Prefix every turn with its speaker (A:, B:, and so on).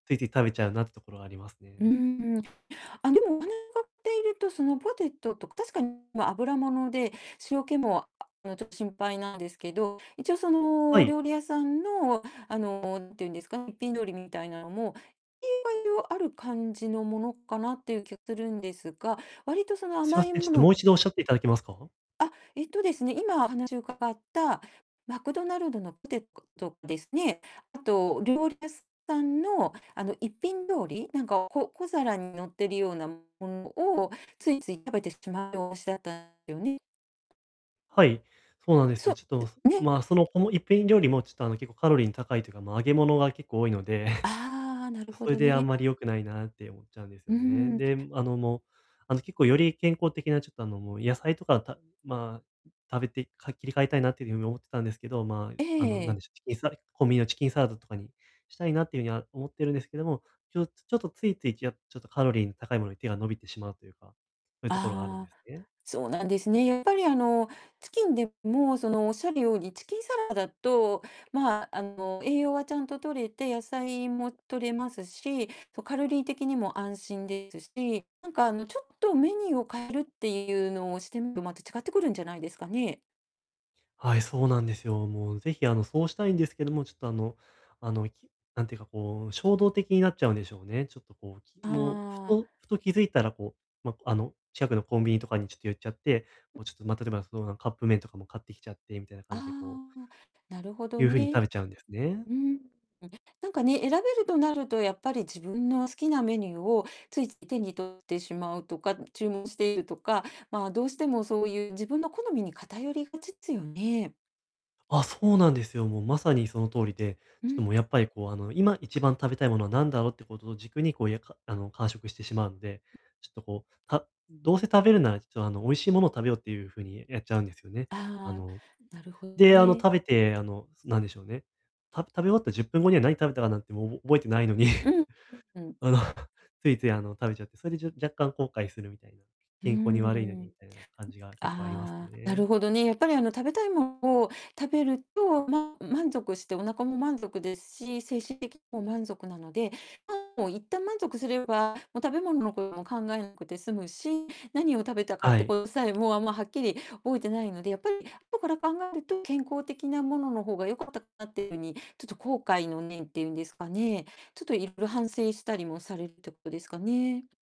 A: ついつい食べちゃうなってところはあります
B: うー
A: ね。
B: ん。あ、でも、お かっていると、そのポテトとか、確かに、ま、油もので、塩気も、まあ、ちょっと心配なんですけど、一応その、
A: は
B: お
A: い。
B: 料理屋さんの、あの、んていうんですか、一品料理みたいなのも、色々ある感じのものかなっていう気がするんですが、割とその
A: すみ
B: 甘
A: ま
B: い
A: せん、ちょっ
B: も
A: と
B: の
A: もう一度おっしゃっていただけますか？
B: あ、えっとですね、今、話伺ったマクドナルドのポテトですね。あと料理屋さんの、あの、一品料理、なんか、こ小皿に乗ってるようなものをついつい食べてしまうようしだったよね。
A: はい、そうなんです
B: そ。
A: よ。ちょっと、おす
B: ん、ね。
A: ま、その、この一品料理もちょっと、あの、結構カロリーの高いというか、ま、揚げ物が結構多いので。
B: ああ、なるほ
A: それ
B: ど
A: であん
B: ね。
A: まり良くないなって思っちゃうんです
B: うー
A: よね。
B: ん。
A: で、あの、もう、あの、結構より健康的なちょっと、あの、もう、野菜とかたまあ、食べてか切り替えたいなっていうふうに思ってたんですけど、ま
B: ええ
A: あ、あ
B: ええ
A: の、
B: え
A: なん
B: え。
A: でしょ、コンビニのチキンサラダとかにしたいなっていうには思ってるんですけども、ちょっとちょっと、ついつい、じやちょっとカロリーの高いものに手が伸びてしまうというか、そういうところがあるんで
B: ああ、
A: すね。
B: そうなんですね。やっぱり、あの、チキンでも、その、おっしゃるようにチキンサラダと、ま、あの、栄養はちゃんと摂れて、野菜も摂れますし、そ、カロリー的にも安心ですし、なんか、あの、ちょっとメニューを変えるっていうのをしてみると、また違ってくるんじゃないですかね。
A: はい、そうなんですよ。もうぜひ、あの、そうしたいんですけども、ちょっと、あのあの、きなんていうか、こう、衝動的になっちゃ
B: う
A: うんでし
B: ん。
A: ょうね。ちょっと、こう、き
B: あ
A: もう、ふ
B: あ。
A: とふと気づいたらこう、ま、あの、近くのコンビニとかにちょっと寄っちゃって、もう、ちょっと、ま、例えば、その、なんカップ麺とかも買ってきちゃってみたいな
B: あ
A: 感じで、こう
B: あ。なるほど
A: いう風に食
B: ね。
A: べちゃうんですね。
B: うーん。なんかね、選べるとなると、やっぱり自分の好きなメニューをついつい手に取ってしまうとか、注文しているとか、まあ、どうしてもそういう自分の好みに偏りがちつよね。
A: あ、そうなんですよ。もう、まさにの通りで、
B: う
A: ちょっと
B: ん。
A: もう、やっぱり、こう、あの、今一番食べたいものは何だろうってことを軸に、こう、やかあの、間食してしまうんで、ちょっと、こう、たどうせ食べるならちょっと、あの、美味しいものを食べようっていう風にやっちゃうんですよね。あ
B: ああ、
A: の
B: なるほど
A: で、あの、
B: ね。
A: 食べて、あの、なんでしょうね、た食べ終わった10分後には、何食べたかなんてもうおぼ覚えてないのに、
B: うん。うんうん。
A: あの、ついつい、あの、食べちゃって、それじゃ若干後悔するみたいな、
B: うー
A: 健康に悪いの
B: ん。う
A: にみ
B: ん
A: たいな感じが結構あります
B: ああ、な
A: ね。
B: るほどね。やっぱり、あの、食べたいもんを食べると、まあ、満足して、お腹も満足ですし、精神的にも満足なので、まあ、もう一旦満足すれば、も、食べ物のことも考えなくて済むし、何を食べたかっ
A: は
B: て
A: い。
B: ことさえ、もう、あんまはっきり覚えてないので、やっぱり後から考えると、健康的なものの方が良かったかなっていうふうに、ちょっと後悔の念っていうんですかね、ちょっといろいろ反省したりもされるってことですかね。